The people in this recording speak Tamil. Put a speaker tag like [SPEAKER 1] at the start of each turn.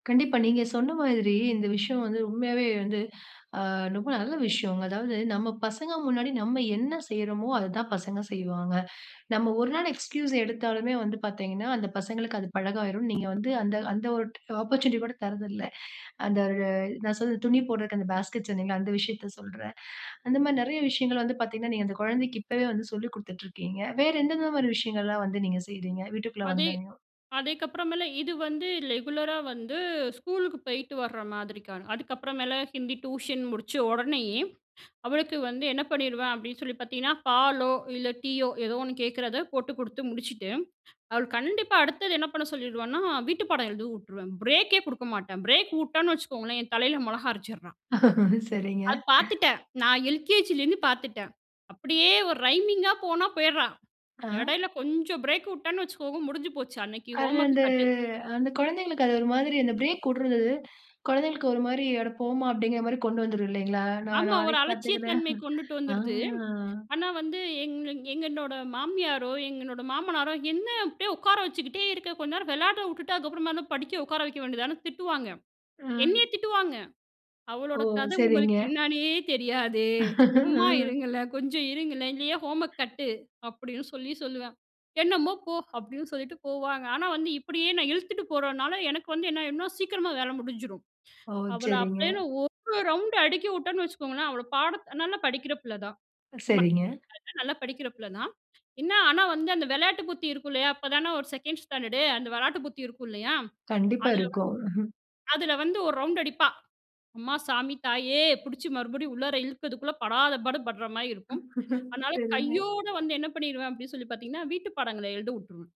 [SPEAKER 1] கண்டிப்பா. நீங்க சொன்ன மாதிரி இந்த விஷயம் வந்து, உண்மையாவே வந்து, அ ரொம்ப நல்ல விஷயங்க. அதாவது நம்ம பசங்க முன்னாடி நம்ம என்ன செய்றோமோ, அததான் பசங்க செய்வாங்க. நம்ம 1 நாள் எக்ஸ்கியூஸ் எடுத்தாலுமே வந்து பார்த்தீங்கன்னா, அந்த பசங்களுக்கு அது பழகாயிரும். நீங்க வந்து அந்த அந்த ஒரு ஆப்பர்ச்சுனிட்டி கூட தரதில்ல. அந்த நான் சொன்னது துணி போடுறதுக்கு அந்த பாஸ்கெட்ஸ் சொன்னீங்கள அந்த விஷயத்த சொல்றேன். அந்த மாதிரி நெறைய விஷயங்கள் வந்து பார்த்தீங்கன்னா, நீங்க அந்த கொழந்தைக்கு இப்போவே வந்து சொல்லிக் குடுத்துட்டு இருக்கீங்க. வேற எந்தெந்த மாரி விஷயங்கள்லாம் வந்து நீங்க செய்றீங்க வீட்டுக்குள்ள
[SPEAKER 2] அதே
[SPEAKER 1] வந்தோனையும்?
[SPEAKER 2] அதேக்கப்புறமேல இது வந்து ரெகுலரா வந்து ஸ்கூலுக்கு போயிட்டு வர மாதிரிக்க. அதுக்கப்புறமேல ஹிந்தி டியூஷன் முடிச்ச உடனேயே அவளுக்கு வந்து என்ன பண்ணிடுவேன் அப்டின்னு சொல்லி பார்த்தீங்கன்னா, பாலோ இல்ல டீயோ ஏதோ ஒண்ணு கேட்கிறத போட்டு குடுத்து முடிச்சுட்டு, அவள்க்கு கண்டிப்பா அடுத்தது என்ன பண்ண சொல்லிடுவனா வீட்டு பாடம் எழுத வுட்ருவேன். பிரேக் எ குடுக்க மாட்டேன். பிரேக் வுட்டேன்னு வச்சுக்கோங்களேன் என் தலையில மொளகா அரச்சிட்றா.
[SPEAKER 1] சரிங்க.
[SPEAKER 2] அது பார்த்துட்டேன். நான் எல்கேஜிலேருந்து பார்த்துட்டேன். அப்டியே ஒரு ரைமிங் அ போனா போயிட்றா
[SPEAKER 1] ஆ.
[SPEAKER 2] எடையில கொஞ்சம் பிரேக் வுட்டேன்னு வச்சுக்கோங்க முடிஞ்சு போச்சு. அன்னைக்கு
[SPEAKER 1] அது அந்த
[SPEAKER 2] ஹோம்வொர்க் கட்டு
[SPEAKER 1] அந்த குழந்தைங்களுக்கு. அது ஒரு மாதிரி அந்த பிரேக் வுட்ரது குழந்தைகளுக்கு ஒரு மாரி அடபோமா அப்டிங்கிற மாரி கொண்டு வந்துரும் இல்லைங்களா? நான்
[SPEAKER 2] ஆமா. ஒரு
[SPEAKER 1] நாளைக்கு பார்த்துக்குறேன்.
[SPEAKER 2] அலட்சியத்தன்மை கொண்டுட்டு
[SPEAKER 1] ஆ.
[SPEAKER 2] வந்துடுது. ஆனா, வந்து எங் எங்களோட மாமியாரோ, எங்களோட மாமனாரோ என்ன அப்டியே உட்கார வச்சுக்கிட்டே இருக்க, கொஞ்ச நேரம் வெளாட வுட்டுட்டு அதுக்கப்புறமா என்ன படிக்க உட்கார வைக்க வேண்டியதுதானே திட்டுவாங்க.
[SPEAKER 1] அ.
[SPEAKER 2] என்னையே திட்டுவாங்க.
[SPEAKER 1] ஓ!
[SPEAKER 2] அவளோட கத
[SPEAKER 1] சரிங்க.
[SPEAKER 2] உங்களுக்கு என்னான்னே தெரியாதே சும்மா
[SPEAKER 1] அ.
[SPEAKER 2] இருங்களேன் கொஞ்சம் இருங்களேன். இல்லையே ஹோம்வொர்க் கட்டு, அப்டின்னு சொல்லி சொல்லுவேன். என்னமோ போ, அப்டின்னு சொல்லிட்டு போவாங்க. ஆனா, வந்து இப்டியே நான் இழுத்துட்டு போறனால எனக்கு வந்து என்ன ஆயிடும்னா சீக்கிரமா வேல முடிஞ்சிரும்.
[SPEAKER 1] ஓ!
[SPEAKER 2] அவள
[SPEAKER 1] சரிங்க.
[SPEAKER 2] அப்டியேன்னு 1 ரவுண்ட் அடிக்க வுட்டேன்னு வச்சுக்கோங்களேன். அவள பாட நல்லா படிக்கிற பிள்ள தான்.
[SPEAKER 1] சரிங்க.
[SPEAKER 2] நல்லா படிக்கிற பிள்ள தான். என்ன ஆனா, வந்து அந்த வெளாட்டு புத்தி இருக்கும் இல்லையா? அப்பதானே ஒரு செகண்ட் ஸ்டாண்டர்ட் அந்த வெளாட்டு புத்தி இருக்கும். இல்லையா?
[SPEAKER 1] கண்டிப்பா,
[SPEAKER 2] அதில
[SPEAKER 1] இருக்கும்.
[SPEAKER 2] வந்து அதில வந்து 1 ரவுண்ட் அடிப்பா அம்மா சாமி தாயே பிடிச்சு மறுபடியும் உள்ளார இழுக்கரதுக்குள்ள படாத பாடு படுற மாரி இருக்கும். அதனால
[SPEAKER 1] சரிங்க.
[SPEAKER 2] கையோட வந்து என்ன பண்ணிருவேன் அப்டின்னு சொல்லி பார்த்தீங்கன்னா, வீட்டு பாடங்கள எழுத வுட்டுருவேன்.